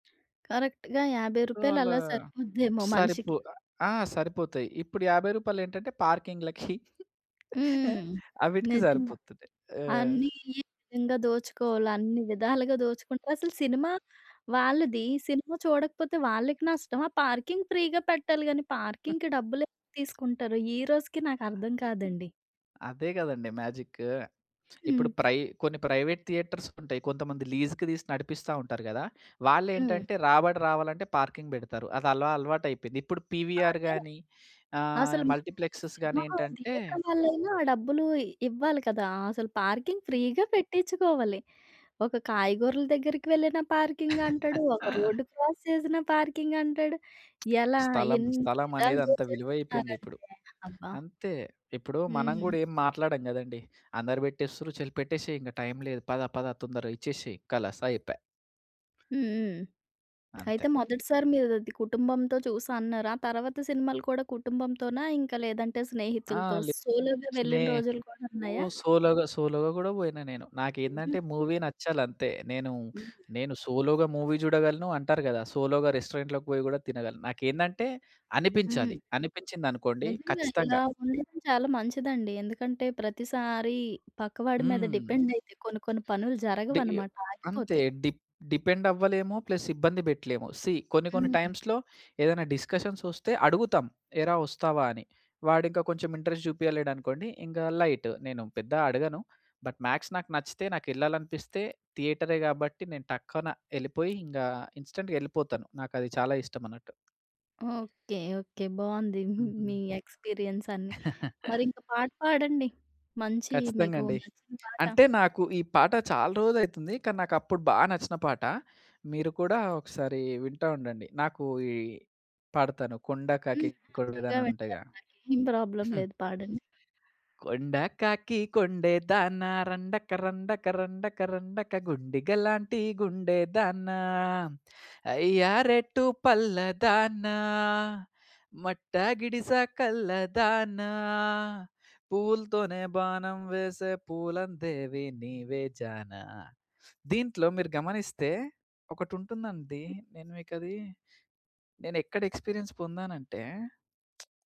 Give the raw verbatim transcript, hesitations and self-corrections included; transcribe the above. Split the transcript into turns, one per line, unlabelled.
కరెక్ట్‌గా యాభై
సో
రూపాయలు
అలా
అలా సరిపోద్దేమో
సరిపో
మనిషికి.
ఆ! సరిపోతాయి. ఇప్పుడు యాభై రూపాయలు ఏంటంటే పార్కింగ్‌లకి
హ్మ్.
ఆ!
హ్మ్. హ్మ్.
అవిటికి
నిజంగా.
సరిపోతున్నాయి. ఆ!
అన్నీ ఈ విధంగా దోచుకోవాలి అన్ని విధాలుగా దోచుకుంటరు. అసల సినిమా వాళ్ళది సినిమా చూడకపోతే వాళ్ళకి నష్టమా పార్కింగ్ ఫ్రీగా పెట్టాలి గానీ పార్కింగ్‌కి డబ్బులెందుకు తీసుకుంటారు? ఈరోజుకి నాకర్థం కాదండి.
అదే గదండీ! మ్యాజిక్కు. ఇప్పుడు
హ్మ్.
ప్రై కొన్ని ప్రైవేట్ థియేటర్స్ ఉంటయి. కొంతమంది లీజ్‌కి దీసి నడిపిస్తా ఉంటారు గదా!
హ్మ్.
వాళ్ళేంటంటే రాబడి రావాలంటే పార్కింగ్ బెడతారు. అది అల అలవాటు అయిపోయింది. ఇప్పుడు పీవీఆర్
అదే!
గాని, ఆహ్,
అసల మ
మల్టీప్లెక్స్ గాని,
సినిమా హాల్
ఏంటంటే
థియేటర్ వాళ్లైనా ఆ డబ్బులు ఇవ్వాలి కదా! అసలు పార్కింగ్ ఫ్రీ‌గా పెట్టిచుకోవాలి. ఒక కాయగూరల దగ్గరికి వెళ్ళిన పార్కింగ్ అంటడు. ఒక రోడ్డు క్రాస్ చేసినా పార్కింగ్ అంటడు. ఎలా?
స్థలం
ఎన్ని విధాలు
స్థలమనేది అంత విలువైపోయింది ఇప్పుడు.
దోచేస్తున్నారంటే అబ్బా!
అంతే! ఇప్పుడు మనం
హ్మ్.
గుడా ఏం మాట్లాడం గదండీ! "అందరూ బెట్టేస్తుండ్రు, చెల్ పెట్టేసేయ్ ఇంగ టైం లేదు పద పద తొందరగా ఇచ్చేసేయ్!" కలాస్ అయిపాయ్.
హ్మ్. హ్మ్.
అంతే.
అయితే మొదటిసారి మీరది కుటుంబంతో చూసా అన్నారు. ఆ తరువాత సినిమాలు కూడా కుటుంబంతోనా? ఇంకా లేదంటే
ఆ!
స్నేహితులతో,
లే
సోలో‌గా వెళ్ళిన
స్నే
రోజులు కూడా
ఓ
ఉన్నాయా?
సోలో‌గా, సోలో‌గా గూడా వోయినా నేను.
హుహు.
నాకేందంటే మూవీ నచ్చాలంతే. నేను,
హుహు.
నేను సోలో‌గా మూవీ జూడగలను, అంటారు గదా! సోలో‌గా రెస్టారెంట్‌లోకి పోయి గూడా తినగలను. నాకేందంటే
హ్మ్. హ్మ్.
అనిపించాలి. అనిపించిందనుకోండి
నిజంగా ఇలా
ఖచ్చితంగా!
ఉండడం చాలా మంచిదండి. ఎందుకంటే ప్రతిసారి పక్కవాడి మీద
హ్మ్.
డిపెండ్ అయితే కొన్ని కొన్ని పనులు
డీయో
జరగవన్నమాట
అంతే!
ఆగిపోతాయి.
డి డిపెండ్ అవ్వలేము ప్లస్ ఇబ్బంది బెట్టలేము. సీ, కొన్ని కొన్ని
హ్మ్.
టైమ్స్‌లో ఏదైనా డిస్కషన్స్ ఒస్తే అడుగుతాం, "ఏరా ఒస్తావా!" అని. వాడింకా కొంచెం ఇంట్రెస్ట్ జూపియలేడనుకోండి ఇంగ లైట్. నేను పెద్ద అడగను. బట్ మ్యాక్స్ నాకు నచ్చితే నాకెళ్ళాలనిపిస్తే థియేటరే గాబట్టి నేను టక్కున ఎళ్ళిపోయి ఇంగా ఇన్స్‌టాంట్‌గా ఎళ్ళిపోతాను. నాకది చాలా ఇష్టమన్నట్టు.
ఓకే. ఓకే. బావుంది.
హుహు.
మీ ఎక్స్‌పీరియన్స్ అన్నీ. మరింక పాట పాడండి. మంచి
ఖచ్చితంగా
మీకు
అండి.
నచ్చిన పాట.
అంటే నాకు ఈ పాట చాలా రోజులయితుంది. కానీ నాకప్పుడు బా నచ్చిన పాట. మీరు కూడా ఒకసారి వింటా ఉండండి. నాకు ఈ పాడతాను కొండ
హ్మ్.
కాకి
హ్యాపీ‌గా
కొండేదాన
వింటాను.
ఉంటాయిగా.
నాకేం ప్రాబ్లమ్ లేదు. పాడండి.
కొండ కాకి కొండే దాన రండక రండక రండక రండక, గుండిగలాంటి గుండే దాన, అయ్యా రెట్టు పల్లదానా, మట్ట గిడిస కల్లదానా, పూవ్వు‌లతోనే బాణం వేసే పూలం దేవి నీవే జానా దీంట్లో మీరు గమనిస్తే ఒకటుంటుందండి. నేను మీకది నేనేక్కడ ఎక్స్‌పీరియన్స్ పొందానంటే